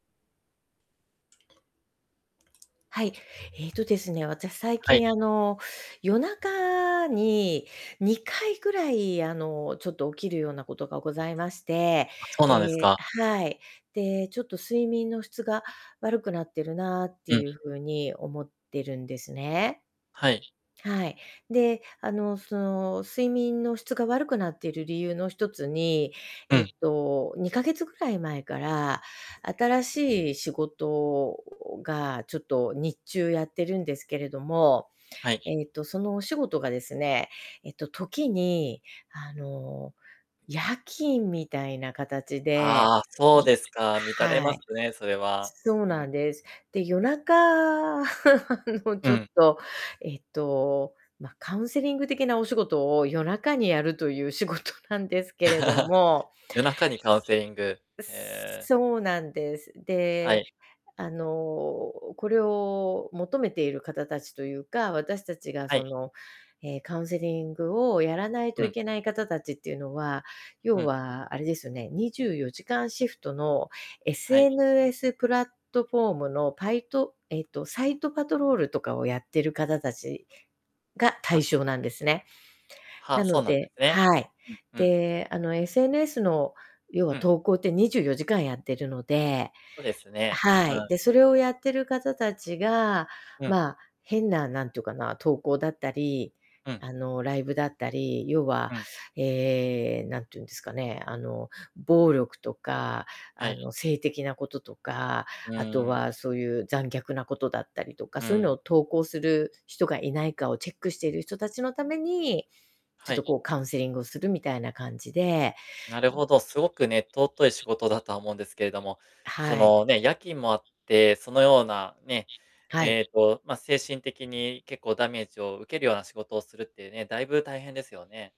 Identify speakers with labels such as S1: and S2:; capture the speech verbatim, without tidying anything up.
S1: はい。ええとですね、私、最
S2: はい。
S1: 近、あの、夜中ににかいぐらい、あの、ちょっと、起きるようなことがございまして、
S2: あ、そうなんです
S1: ええ
S2: か。
S1: あ、はい。で、ちょっと睡眠の質が悪くなってるなって
S2: う
S1: い
S2: ん。
S1: うふうに思ってるんですね。
S2: はい。
S1: はい。で、あの、その、睡眠の質が悪くなっている理由の一つに、
S2: う
S1: えっ
S2: ん。
S1: と、にかげつぐらい前から、新しい仕事が、ちょっと、日中やってるんですけれども、
S2: はい。
S1: ええと、そのお仕事がですね、えっと、時に、あの、夜勤みたいな形で、
S2: ああ、そう
S1: い
S2: ですか。
S1: あ、
S2: 乱れ
S1: は
S2: ま
S1: い、
S2: すね、それは。
S1: そう
S2: う
S1: な
S2: ん。
S1: んです。で、夜中 あの、ち
S2: う
S1: ょっ
S2: ん。
S1: と、えっと、まあ、カウンセリング的なお仕事を夜中にやるという仕事なんですけれど も。
S2: 夜中にカウンセリング。
S1: う
S2: へえ。
S1: そうなんです。
S2: は
S1: で、
S2: い。
S1: あの、これを求めている方たちというか、私たちが、
S2: は
S1: そ
S2: い。
S1: の、ええ、カウンセリングをやらないと
S2: う
S1: い
S2: ん。
S1: けない方たちっていうのは、
S2: う
S1: 要
S2: ん。
S1: は、あれですよね、にじゅうよじかんシフトの、
S2: はい。
S1: SNS プラットフォームのパイトえっと、サイトパトロールとかをやってる方たちが
S2: あ、
S1: 対
S2: す
S1: 象なんですね。な
S2: は、
S1: の
S2: そうなんで
S1: で
S2: すね。
S1: はい。
S2: うんうん。
S1: で、あの、SNS の、要は、
S2: うん。
S1: 投稿ってにじゅうよじかんやってるので
S2: そうですね。う
S1: はい。
S2: ん。
S1: で、それをやってる方たちが、
S2: うん。
S1: まあ、変な、何というかな、投稿だったり、
S2: うん。
S1: あの、ライブだったり、要は、
S2: うん。
S1: ええ、何て言うんですかね、あの、暴力とか、
S2: は
S1: あ
S2: い。
S1: の、性的なこととか、
S2: う
S1: あと
S2: ーん。
S1: は、そういう、残虐なことだったりとか、
S2: う
S1: そういうのを
S2: ん。
S1: 投稿する人がいないかをチェックしている人たちのために、ちょ
S2: は
S1: っと、
S2: い。
S1: こう、カウンセリングをする、みたいな感じで。
S2: なるほど。すごくね、尊い仕事だとは思うんですけれども、そ
S1: はい。
S2: の、ね、夜勤もあって、そのような、ね、
S1: はい。
S2: ええと、まあ、精神的に結構ダメージを受けるような仕事をするっていうね、だいぶ大変ですよね。